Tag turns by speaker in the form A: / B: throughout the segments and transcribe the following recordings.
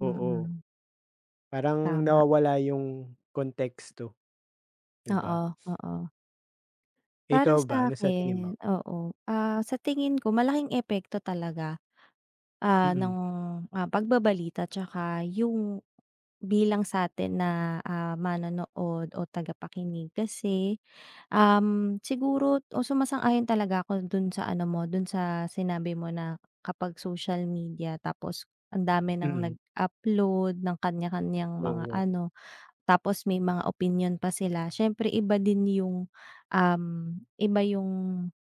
A: Oo.
B: Mm.
A: Parang
B: Tama.
A: nawawala yung konteksto, 'di ba.
B: Oo, oo. Para
A: Ikaw, ba ano sa tingin
B: sa'kin,
A: mo?
B: oo. Ah, sa tingin ko malaking epekto talaga, ah, ng,
A: Mm.
B: ah, pagbabalita tsaka yung bilang sa'tin na, ah, manonood o tagapakinig. Kasi, um, siguro o sumasang-ayon talaga ako dun sa ano mo, dun sa sinabi mo na kapag social media tapos ang dami nang
A: Mm.
B: nag-upload ng kaniya-kaniyang mga
A: Oo.
B: ano. Tapos may mga opinyon pa sila, siyempre iba din yung, uhm, iba yung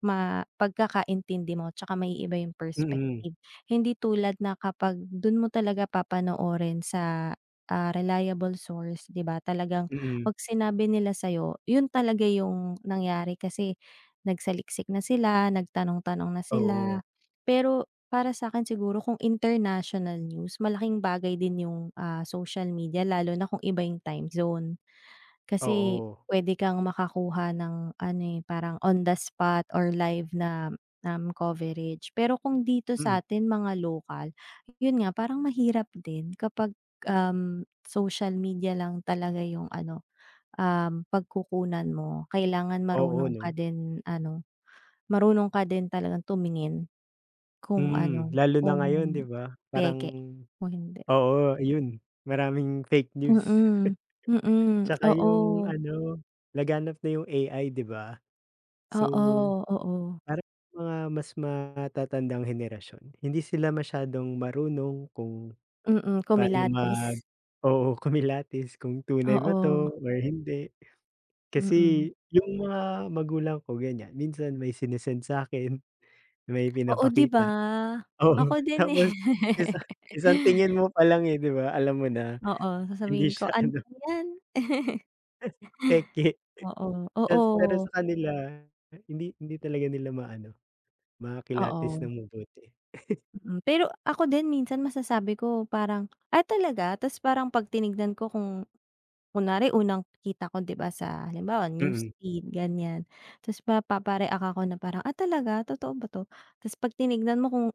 B: ma pagkakaintindi mo. Tsaka maiiba yung
A: Mm.
B: perspective. Hindi tulad na kapag dun mo talaga papanoorin sa, ah, reliable source, 'di ba, talagang
A: Mm.
B: ‘pag sinabi nila sa'yo, yun talaga yung nangyari kasi nagsaliksik na sila, nagtanong-tanong na sila.
A: Oo.
B: Pero para sa'kin siguro kung international news, malaking bagay din yung, ah, social media, lalo na kung iba yung time zone. Kasi
A: Oo.
B: pwede kang makakuha ng ano eh, parang on the spot or live na na coverage. Pero kung dito
A: Mm.
B: sa'tin mga lokal, yun nga parang mahirap din kapag, um, social media lang talaga yung ano, um, pagkukunan mo. Kailangan
A: Oo,
B: marunong ka
A: 'no.
B: din ano, marunong ka din talagang tumingin kung
A: Hmm,
B: ano,
A: lalo na
B: kung
A: ngayon 'di ba. Parang
B: peke o hindi.
A: oo, yun maraming fake news.
B: Mm, mm.
A: Tsaka yung
B: Oo.
A: ano, laganap na yung AI, 'di ba. So,
B: Oo, oo.
A: parang mga mas matatandang henerasyon, hindi sila masyadong marunong kung
B: Mm,
A: paano mag
B: kumilatis.
A: oo, kumilatis kung tunay ba
B: Oo.
A: 'to or hindi.
B: Mm.
A: Kasi yung mga magulang ko ganiyan. Minsan may sinisend sa'kin, may
B: Oo, 'di ba.
A: pinapakita. Oo,
B: Ako din eh.
A: tapos isa isang tingin mo palang eh, 'di ba alam mo na,
B: Oo, sasabihin
A: hindi
B: ko,
A: siya
B: “Ano
A: ano
B: ba yan?”
A: peke.
B: Oo,
A: Ta’s pero
B: oo.
A: sa kanila, hindi hindi talaga nila ma-ano, makilatis
B: Oo.
A: nang mabuti.
B: Mm, pero ako din minsan masasabi ko parang, “Ah talaga?” Ta’s parang ‘pag tinignan ko kung kunwari unang kita ko, 'di ba, sa halimbawa news
A: Mm.
B: feed ganiyan. Ta’s mapapa-react ako na parang, “Ah, talaga? Totoo ba 'to?” Ta’s ‘pag tinignan mo kung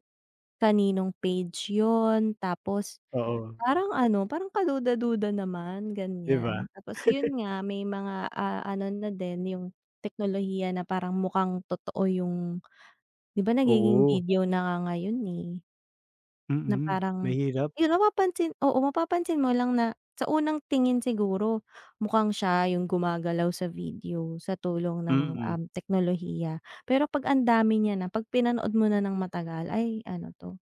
B: kaninong page yun tapos
A: Oo.
B: parang ano, parang kaduda-duda naman,
A: 'Di ba.
B: ganiyan. Tapos yun nga, may mga, ah, ano na din yung teknolohiya na parang mukhang totoo yung 'di ba nagiging
A: Oo.
B: video na nga ngayon eh. Na
A: Mm,
B: parang,
A: mahirap.
B: yun mapapansin oo, mapapansin mo lang na sa unang tingin siguro mukhang siya yung gumagalaw sa video sa tulong ng,
A: Mm.
B: um, teknolohiya. Pero ‘pag ang dami niya na, ‘pag pinanood mo na nang matagal, ay ano 'to.